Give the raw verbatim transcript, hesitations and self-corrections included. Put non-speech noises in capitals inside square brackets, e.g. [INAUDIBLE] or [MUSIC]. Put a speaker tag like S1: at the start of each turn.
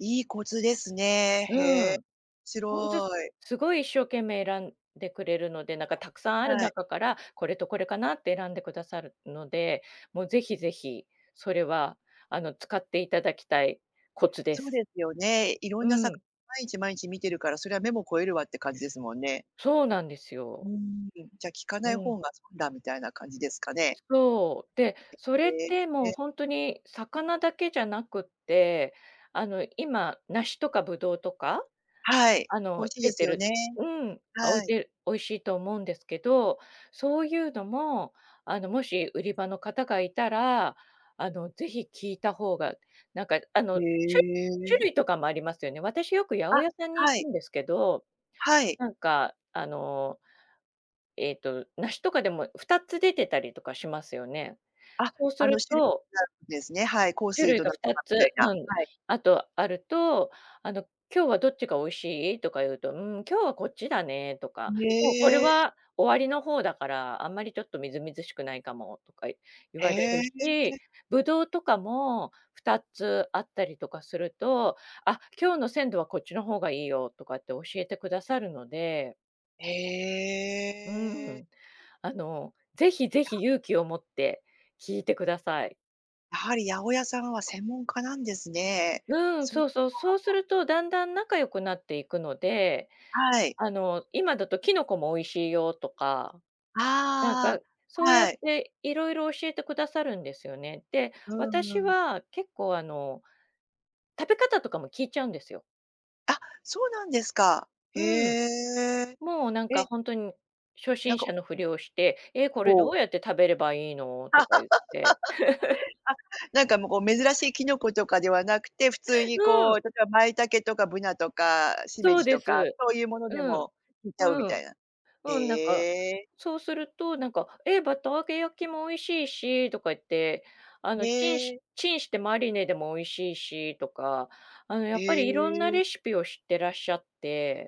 S1: いいコツですね、へ
S2: う
S1: え。面
S2: ん。ほんと
S1: 白い。
S2: すごい一生懸命選んでくれるので、なんかたくさんある
S1: はい。
S2: 中から、これとこれかなって選んでくださるので、もうぜひぜひ、それはあの使っていただきたいコツで
S1: そう
S2: す。
S1: ですよね、いろ
S2: う
S1: んな魚、
S2: ん。
S1: 毎日毎日見てるからそりゃ目も肥えるわって感じですもんね。
S2: そうなんです
S1: うー
S2: よ。
S1: ん、じゃ、聞か
S2: う
S1: ない
S2: ん。
S1: 方が損だみたいな感じですかね。
S2: そう。で、それっ
S1: え、へ
S2: てもう
S1: え。
S2: ほんとに、魚だけじゃなくって、あの、今、梨とか葡萄とか。
S1: はい。
S2: あ
S1: 美味
S2: の、
S1: しい
S2: 出
S1: です
S2: て
S1: よ
S2: る、
S1: ね。
S2: うん、お
S1: は
S2: い
S1: い。
S2: て美味しいと思うんですけど、そういうのも、あのもし売り場の方がいたら、あのぜひ聞いた方が、なんかあの、
S1: へ
S2: しゅ種
S1: え
S2: 類とかもありますよね。私よく八百
S1: あ、
S2: 屋さんに
S1: は
S2: 行
S1: い。
S2: くんですけど、
S1: はい。
S2: なんかあの、えっと梨とかでもふたつ出てたりとかしますよね、
S1: あ、
S2: そうす
S1: あの、
S2: る
S1: しれ
S2: と
S1: [UNINTELLIGIBLE] なんですね、はい、幸
S2: 種
S1: 水
S2: 類
S1: と
S2: が
S1: なん
S2: ふ
S1: と
S2: た
S1: かみたい
S2: つ、
S1: な、
S2: うん、
S1: はい。
S2: あとあると、「あの今日はどっちが美味しい？」とか言うと、「うん、今日はこっちだね」とか、「もうこれ
S1: へえ。
S2: は終わりの方だから、あんまりちょっとみずみずしくないかも」とか言
S1: へ
S2: われる
S1: え。
S2: し、葡萄とかもふたつあったりとかすると、「あ、今日の鮮度はこっちの方がいいよ」とかって教えてくださるので。
S1: へ
S2: う
S1: え。
S2: ん。あの、ぜひぜ
S1: や。
S2: ひ勇気を持って、聞いてください。
S1: やはり八百屋さんは専門家なんですね。
S2: うん、
S1: そっ
S2: そ
S1: か。
S2: うそう、そうするとだんだん仲良くなっていくので、
S1: はい。
S2: あの、「今だとキノコも美味しいよ」とか、なんか
S1: あ
S2: そ
S1: あ、
S2: うやっ
S1: はい。
S2: ていろいろ教えてくださるんですよね。で、
S1: うー
S2: 私
S1: ん。
S2: は結構あの食べ方とかも聞いちゃうんですよ。
S1: あ、そうなんですか。へ
S2: うん。
S1: え。
S2: もうなんか
S1: え。
S2: ほんとに、初
S1: なん
S2: 心
S1: か
S2: 者
S1: お
S2: のふりをして、「え、これど
S1: お。
S2: うやって食べればいいの？」と
S1: [LAUGHS]
S2: か
S1: あ、
S2: ゆって。
S1: なんかもうこう珍しいキノコとかではなくて、普通に
S2: う
S1: こう
S2: ん。
S1: 例えばマイタケとかブナとかシメ
S2: そう
S1: ジ
S2: で
S1: とか、
S2: す。
S1: そういうもので
S2: うん。
S1: も聞いちゃうみ
S2: う
S1: た
S2: ん。
S1: いな。へ
S2: うん、なんか
S1: え。
S2: そうすると、なんか、「ええ、バター揚げ焼きも美味しいし」とか言って、あ
S1: へ
S2: の「チンし
S1: え。
S2: チンしてマリネでも美味しいし」とか、あのや
S1: へ
S2: っぱりいろんな
S1: え。
S2: レシピを知ってらっしゃって。